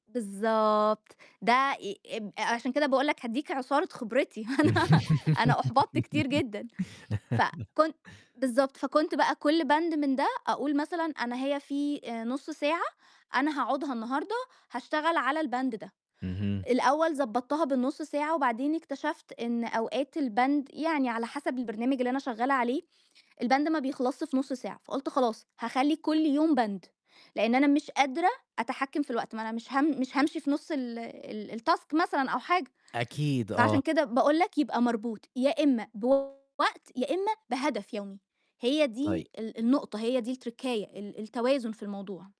بالضبط، ده ي أب أ عشان كده باقول لك هادّيك عُصارة خبرتي، أنا أنا أُحبطت كتير جدًا، فكنت بالضبط، فكنت بقى كلّ بند من ده أقول مثلًا أنا هي في آآ نُص ساعة أنا هاقعُدها النهارده هاشتغل على البند ده، اهم. الأول ضبّطتها بالنُص ساعة وبعدين اكتشفت إن أوقات البند يعني على حسب البرنامج اللي أنا شغّالة عليه، البند ما بيخلصش في نُص ساعة، فقُلت خلاص هاخلّي كلّ يوم Band، لإن أنا مش قادرة أتحكّم في الوقت، ما أنا مش هام مش هامشي في نُص ال ال الTask مثلًا أو حاجة، أكيد، فعشان آه. كده باقول لك يبقى مربوط يا إمّا بوقت، يا إمّا بهدف يومي، هي طيب. دي ال النقطة، هي دي التركّاية، ال التوازن في الموضوع.